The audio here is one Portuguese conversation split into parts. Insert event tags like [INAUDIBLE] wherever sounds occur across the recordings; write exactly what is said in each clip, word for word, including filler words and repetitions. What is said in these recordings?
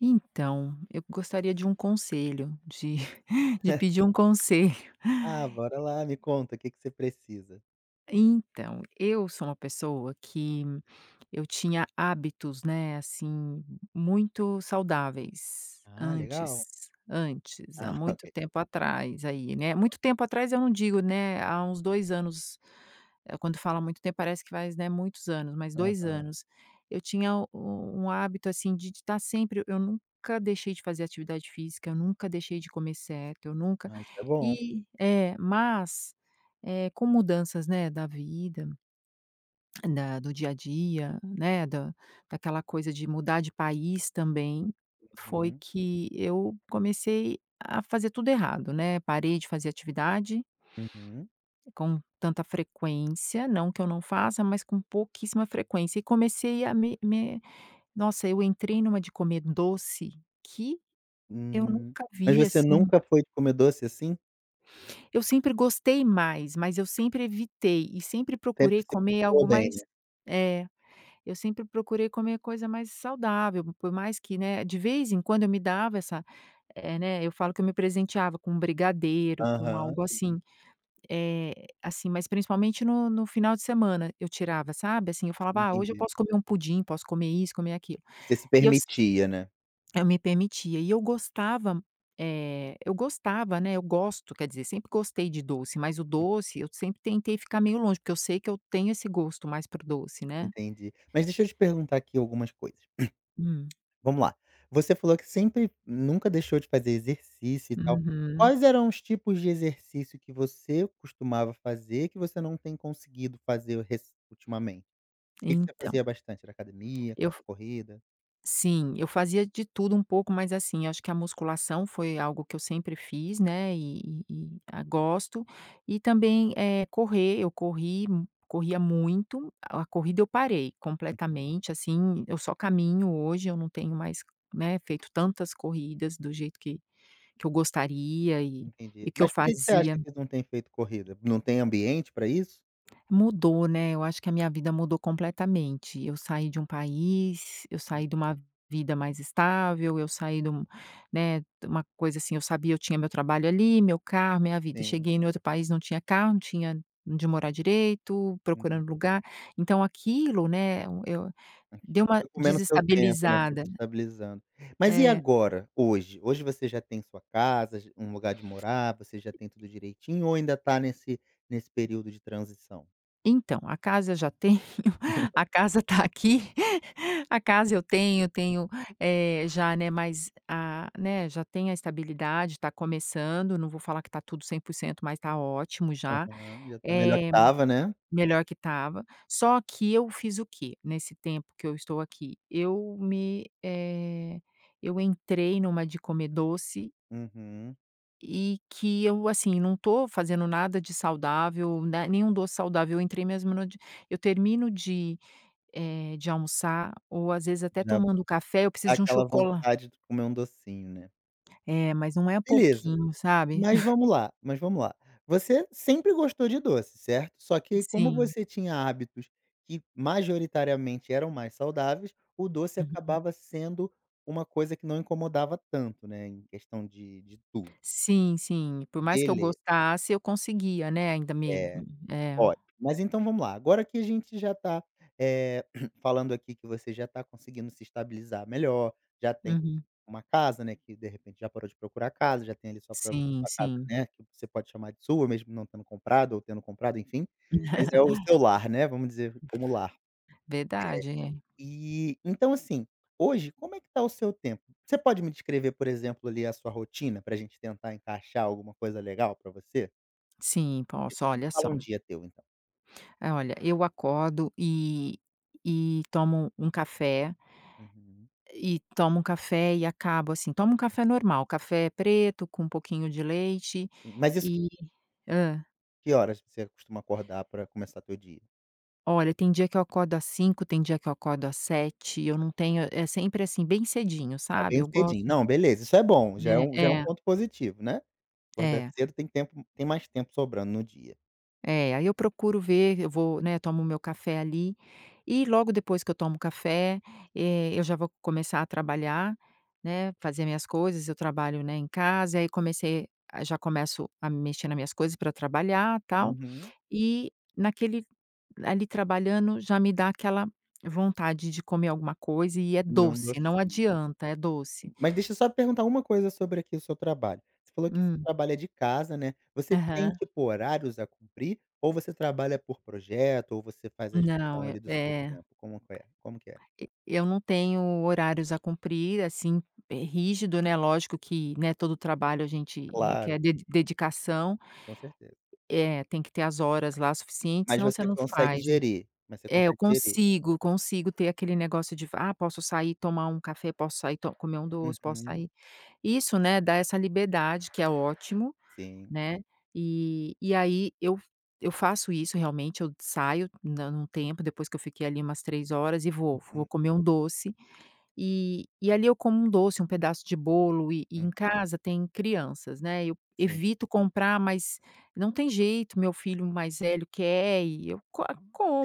Então, eu gostaria de um conselho, de [CHUCKLES] de Ah. pedir um conselho. Ah, bora [CHUCKLES] lá, me conta que que você precisa. Então, eu sou uma pessoa que eu tinha hábitos, né, assim, muito saudáveis Ah, legal. antes, antes, há Ah, muito ok. tempo atrás aí, né, muito tempo atrás eu não digo né, há uns dois anos. Quando fala muito tempo, parece que faz, né, muitos anos, mas dois Aham. anos. Eu tinha u um hábito assim de tá sempre eu nunca deixei de fazer atividade física, eu nunca deixei de comer certo, eu nunca Ah, isso é bom. e é, mas, eh, com mudanças, né, da vida da do dia a dia, né, da daquela coisa de mudar de país também, foi Uhum. que eu comecei a fazer tudo errado, né. Parei de fazer atividade Uhum. com tanta frequência, não que eu não faça, mas com pouquíssima frequência. E comecei a me me nossa, eu entrei numa de comer doce que eu Hum, nunca mas vi, você assim nunca foi de comer doce, assim? Eu sempre gostei mais, mas eu sempre evitei e sempre procurei Sempre se comer algo controlou bem, mais né? é, eu sempre procurei comer coisa mais saudável, por mais que, né, de vez em quando eu me dava essa eh, né, eu falo que eu me presenteava com brigadeiro, com Aham, algo sim. assim. Eh, assim, mas principalmente no no final de semana eu tirava, sabe, assim, eu falava: "Ah, hoje eu Entendi. posso comer um pudim, posso comer isso, comer aquilo". Você se E eu se permitia, né. Eu me permitia e eu gostava m eh, eu gostava, né, eu gosto, quer dizer, sempre gostei de doce, mas o Hum. doce eu sempre tentei ficar meio longe, porque eu sei que eu tenho esse gosto mais para o doce, né. Entendi. Mas deixa eu te perguntar aqui algumas coisas. Uhum. [CLEARS THROAT] Vamos lá, você falou que sempre nunca deixou de fazer exercício e tal. Uhum. Quais eram os tipos de exercício que você costumava fazer, que você não tem conseguido fazer rec ultimamente? O que que você Então fazia bastante? Era academia, eu era f corrida? Sim, eu fazia de tudo um pouco, mas assim, acho que a musculação foi algo que eu sempre fiz, né, e e e a gosto. E também, eh, correr, eu corri corria muito. A corrida eu parei Uhum. completamente, assim, eu só caminho hoje, eu não tenho mais, né, feito tantas corridas do jeito que que eu gostaria e Entendi. e que eu Mas por que que você acha fazia que não tem feito corrida? Não tem ambiente pra isso? Mudou, né, eu acho que a minha vida mudou completamente. Eu saí de um país, eu Hum. saí de uma vida mais estável, eu saí de um né, de uma coisa assim, eu sabia, eu tinha meu trabalho ali, meu carro, minha vida. Sim. Cheguei em outro país, não tinha carro, não tinha onde morar direito, Uhum. procurando lugar. Então aquilo, né, e eu deu Aquilo uma foi comendo o seu tempo, né, foi desestabilizada. desestabilizando. Mas e É. agora, hoje hoje você já tem sua casa, já um lugar de morar, você já tem tudo direitinho ou ainda tá nesse nesse período de transição? Então, a casa eu já tenho, [CHUCKLES] [CHUCKLES] a casa tá aqui. [CHUCKLES] A casa eu tenho, tenho eh, já né, mais a né, já tenho a estabilidade, está começando, não vou falar que tá tudo cem por cento mas tá ótimo já, Aham, já tá melhor que eh, estava, né. melhor que estava. Só que eu fiz o quê, nesse tempo que eu estou aqui. Eu me eh, eu entrei numa de comer doce Uhum. e que eu, assim, não estou fazendo nada de saudável, na nenhum doce saudável, eu entrei mesmo numa de eu termino de eh, de almoçar ou às vezes [UNINTELLIGIBLE] até tomando café, eu Dá preciso de um aquela chocola vontade de comer um docinho, né. É, mas não é Beleza, pouquinho, sabe. mas [CHUCKLES] vamo lá mas vamo lá, você sempre gostou de doce, certo? Só que como Sim. você tinha hábitos que majoritariamente eram mais saudáveis, o doce Uhum. acabava sendo uma coisa que não incomodava tanto, né, em questão de de tudo. Sim, sim, por mais que eu Beleza. gostasse, eu conseguia, né, ainda me É, é. ótimo. Mas então vamo lá. Agora que a gente já tá, eh, [CLEARS THROAT] falando aqui que você já tá conseguindo se estabilizar melhor, já tem Uhum. uma casa, né, que de repente já parou de procurar casa, já tem ali sua própria Sim, casa, sim. né, que você pode chamar de sua, mesmo não tendo comprado ou tendo comprado, enfim, mas é o [CHUCKLES] seu lar, né, vamos dizer como lar. Verdade. Eh, e então assim, hoje como é que tá o seu tempo? Você pode me descrever, por exemplo, ali a sua rotina pra gente tentar encaixar alguma coisa legal pra você? Sim, posso, Me olha fala só. um dia teu então. Olha, eu acordo e e tomo um café Uhum. E tomo um café e acabo assim, tomo um café normal, café preto com um pouquinho de leite Mas isso q e hã. Que horas você costuma acordar pra começar teu dia? Olha, tem dia que eu acordo às cinco, tem dia que eu acordo às sete, eu não tenho é sempre assim, bem cedinho, Ah, sabe, bem eu gosto cedinho. Não, beleza, isso é bom, já é É, um já é um é. ponto positivo, né, acordar É. cedo tem tempo tem mais tempo sobrando no dia. É, aí eu procuro ver, eu vou né, tomo meu café ali e logo depois que eu tomo café, eh, eu já vou começar a trabalhar, né, fazer minhas coisas, eu trabalho, né, em casa, aí comecei já começo a mexer nas minhas coisas pra trabalhar, tal. Uhum. E naquele ali trabalhando já me dá aquela vontade de comer alguma coisa e é Comer um doce, não docinho, né. adianta, é doce. Sim. Mas deixa eu só perguntar uma coisa sobre aqui o seu trabalho. Você falou que você Hum. trabalha de casa, né. Você tem Aham. tipo horários a cumprir ou você trabalha por projeto, ou você faz a Não, gestão é ali do seu é. tempo? Como que é como que é? E eu não tenho horários a cumprir, assim, rígido, né. Lógico que, né, todo trabalho a gente requer Claro. de dedicação Com certeza. É, tem que ter as horas lá suficientes, Mas senão você você não consegue faz. gerir mas você É, eu consegue gerir. consigo consigo ter aquele negócio de: "Ah, posso sair tomar um café, posso sair to comer um doce, posso Uhum. sair" Isso, né, dá essa liberdade, que é ótimo, Sim. né, e e aí eu eu faço isso realmente, eu saio da um tempo depois que eu fiquei ali umas três horas e vou vou Uhum. comer um doce e e ali eu como um doce, um pedaço de bolo, e e em Uhum. casa tem crianças, né, eu Sim evito comprar, mas não tem jeito, meu filho mais velho quer e eu co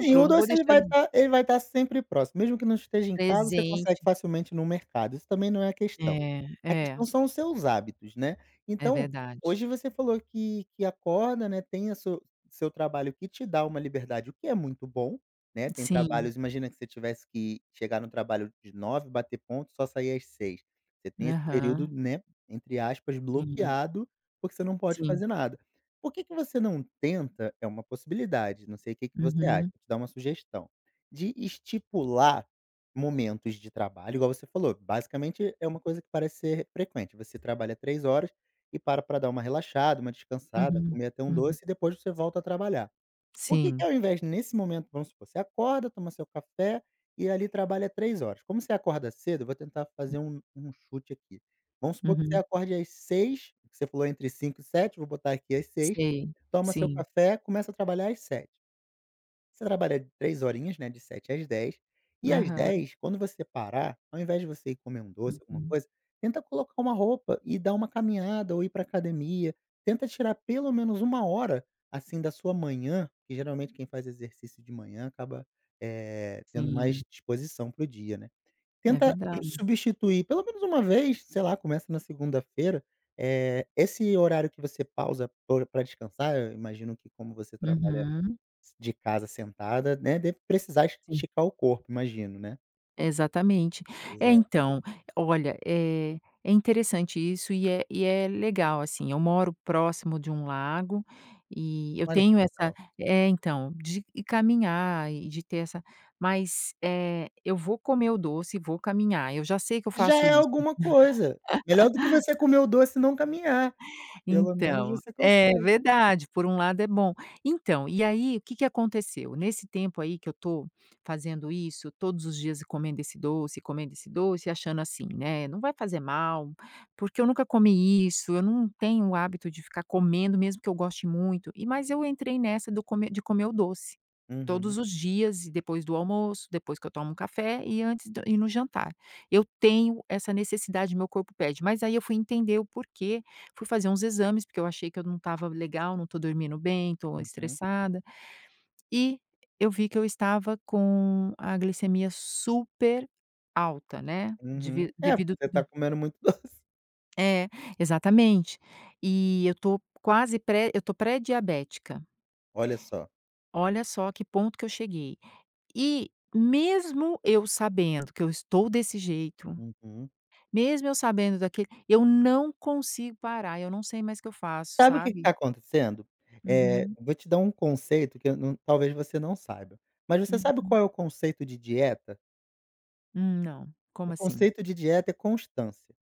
Sim, eu o não vou doce ele deixar vai ele tá ele vai tá sempre próximo, mesmo que não esteja em casa, você consegue Presente. facilmente no mercado, isso também não é a questão. É, A é. questão são os seus hábitos, né. É Então, verdade. hoje você falou que que acorda, né, tem a su seu trabalho que te dá uma liberdade, o que é muito bom, né, tem Sim. trabalhos imagina que você tivesse que chegar no trabalho de nove bater ponto e só sair às seis. Você tem esse período, Aham. né, entre aspas Uhum. "bloqueado", porque você não pode Sim. fazer nada. Por que que você não tenta é uma possibilidade, não sei o que que você acha, Uhum. vou te dar uma sugestão, de estipular momentos de trabalho, igual você falou, basicamente é uma coisa que parece ser frequente. Você trabalha três horas e para pra dar uma relaxada, uma descansada, Uhum, comer até um uhum. doce e depois você volta a trabalhar. Por que que Sim. ao invés nesse momento vamos supor, você acorda, toma seu café e ali trabalha três horas. Como você acorda cedo, vou tentar fazer um um chute aqui. Vamos supor que você Uhum. acorde às seis, que você falou entre cinco e sete, vou botar aqui às seis, Sei, toma seu sim. café, começa a trabalhar às sete. Você trabalha três horinhas, né, de sete às dez, e às Aham. dez, quando você parar, ao invés de você ir comer um doce, alguma Uhum. coisa, tenta colocar uma roupa e dar uma caminhada ou ir pra academia. Tenta tirar pelo menos uma hora assim da sua manhã, que geralmente quem faz exercício de manhã acaba, eh, tendo Sim. mais disposição para o dia, né, É tenta verdade. substituir pelo menos uma vez, sei lá, começa na segunda-feira, eh, esse horário que você pausa para o pra descansar, eu imagino que como você trabalha Uhum. s de casa sentada, né, deve precisar es Sim. esticar o corpo, imagino, né. Exatamente. Pois É, é. então, olha, eh, é interessante isso e é e é legal assim, eu moro próximo de um lago e eu Olha que tenho essa legal. é, então, de caminhar e de ter essa mas, eh, eu vou comer o doce e vou caminhar, eu já sei que eu Já faço é isso. alguma coisa. Melhor do que você [LAUGHS] comer o doce e não caminhar. Pelo menos Então você é, consegue. verdade, por um lado é bom. Então, e aí o que que aconteceu? Nesse tempo aí que eu estou fazendo isso, todos os dias comendo esse doce, comendo esse doce, achando assim, né: "Não vai fazer mal, porque eu nunca comi isso, eu não tenho o hábito de ficar comendo, mesmo que eu goste muito", e mas eu entrei nessa do come de comer o doce, Uhum. todos os dias e depois do almoço, depois que eu tomo café e antes d e no jantar. Eu tenho essa necessidade, meu corpo pede, mas aí eu fui entender o porquê, fui fazer uns exames, porque eu achei que eu não estava legal, não estou dormindo bem, estou Uhum. estressada. E eu vi que eu estava com a glicemia super alta, né, Uhum. dev É, porque devido você tá comendo muito doce. É, exatamente. E eu estou quase pré eu estou pré-diabética. Olha só. Olha só a que ponto que eu cheguei. E mesmo eu sabendo que eu estou desse jeito, Uhum. mesmo eu sabendo daquele eu não consigo parar, eu não sei mais o que eu faço, Sabe o que que tá sabe? acontecendo? Eh, Uhum. vou te dar um conceito que eu não talvez você não saiba, mas você sabe Uhum. qual é o conceito de dieta? Hum, não, como O assim? conceito de dieta é constância.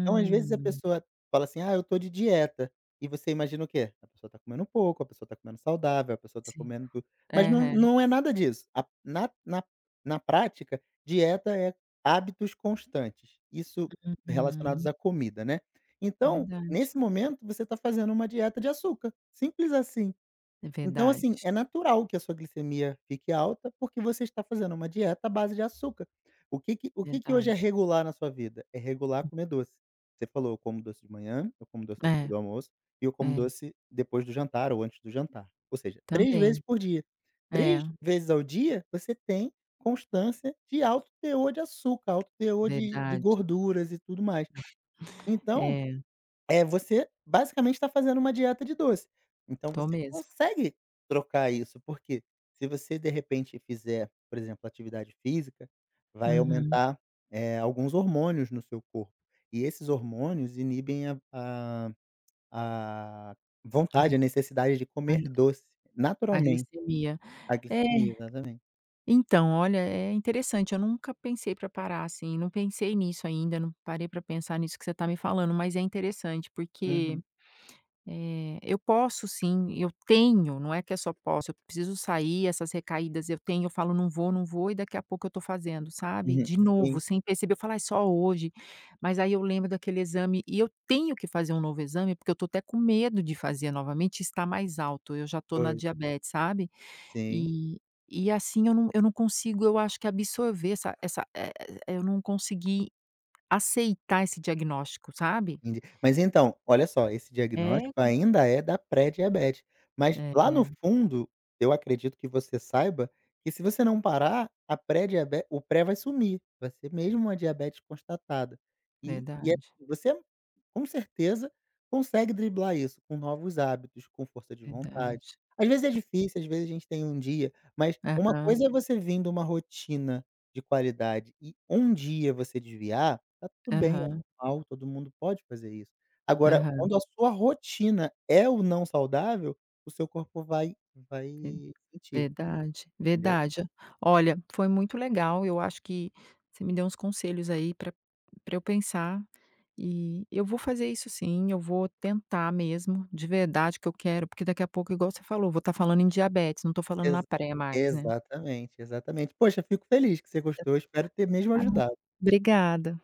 Então às vezes a pessoa fala assim: "Ah, eu estou de dieta", e você imagina o quê? A pessoa está comendo pouco, a pessoa está comendo saudável, a pessoa está Sim. comendo tu mas não Aham. não é nada disso. A na na-na prática, dieta é hábitos constantes, isso relacionados Uhum. à comida, né. Então, Verdade. nesse momento, você está fazendo uma dieta de açúcar, simples assim. É Então verdade. assim, é natural que a sua glicemia fique alta, porque você está fazendo uma dieta à base de açúcar. O que que o que que hoje é Verdade. regular na sua vida? É regular comer doce, você falou: "Eu como doce de manhã, eu como doce depois É, do almoço e eu como é. doce depois do jantar ou antes do jantar". Ou seja, três vezes Também. por dia. três É. vezes ao dia você tem constância de alto teor de açúcar, alto teor de de Verdade. gorduras e tudo mais. [CHUCKLES] Então, É. eh, você basicamente tá fazendo uma dieta de doce. Então Estou você mesmo. consegue trocar isso, porque se você de repente fizer, por exemplo, atividade física, vai Uhum. aumentar, eh, alguns hormônios no seu corpo, e esses hormônios inibem a a a A vontade, Glic a necessidade de a comer doce, A naturalmente. glicemia. A É, glicemia, exatamente. então, olha, é interessante, eu nunca pensei pra parar assim, não pensei nisso ainda, não parei pra pensar nisso que você tá me falando, mas é interessante, porque, Uhum. eh, eu posso sim, eu tenho, não é que eu só posso, eu preciso sair, essas recaídas, eu tenho, eu falo: "Não vou, não vou", e daqui a pouco eu estou fazendo, sabe? Uhum, De sim. novo, sem perceber, eu falo: "Ai, só hoje". Mas aí eu lembro daquele exame e eu tenho que fazer um novo exame, porque eu estou até com medo de fazer novamente, estar mais alto, eu já estou na Pois. diabete, sabe, Sim. e e assim eu não eu não consigo, eu acho que absorver essa essa e e eu não consegui aceitar esse diagnóstico, sabe. Enten mas então, olha só, esse É, diagnóstico compli ainda é da pré-diabetes, mas É, lá no é. fundo, eu acredito que você saiba que se você não parar a pré-diabe o pré vai sumir, vai ser mesmo uma diabetes constatada. E e é Verdade. você com certeza consegue driblar isso com novos hábitos, com força de vontade. Verdade. Às vezes é difícil, às vezes a gente tem um dia mas uma Aham. coisa é você vindo uma rotina de qualidade e um dia você desviar, tá tudo bem, é Aham. normal, todo mundo pode fazer isso. Agora, Aham. quando a sua rotina é o não saudável, o seu corpo vai vai Ver sentir, Verdade, entendeu? verdade. Olha, foi muito legal, eu acho que você me deu uns conselhos aí para para eu pensar e eu vou fazer isso sim, eu vou tentar mesmo, de verdade, que eu quero porque daqui a pouco, igual você falou, vou tá falando em diabete, não estou falando na Exa pré mais, né. exatamente, exatamente. Poxa, fico feliz que você [UNINTELLIGIBLE] gostou, espero ter mesmo Ah, muito ajudado. obrigada.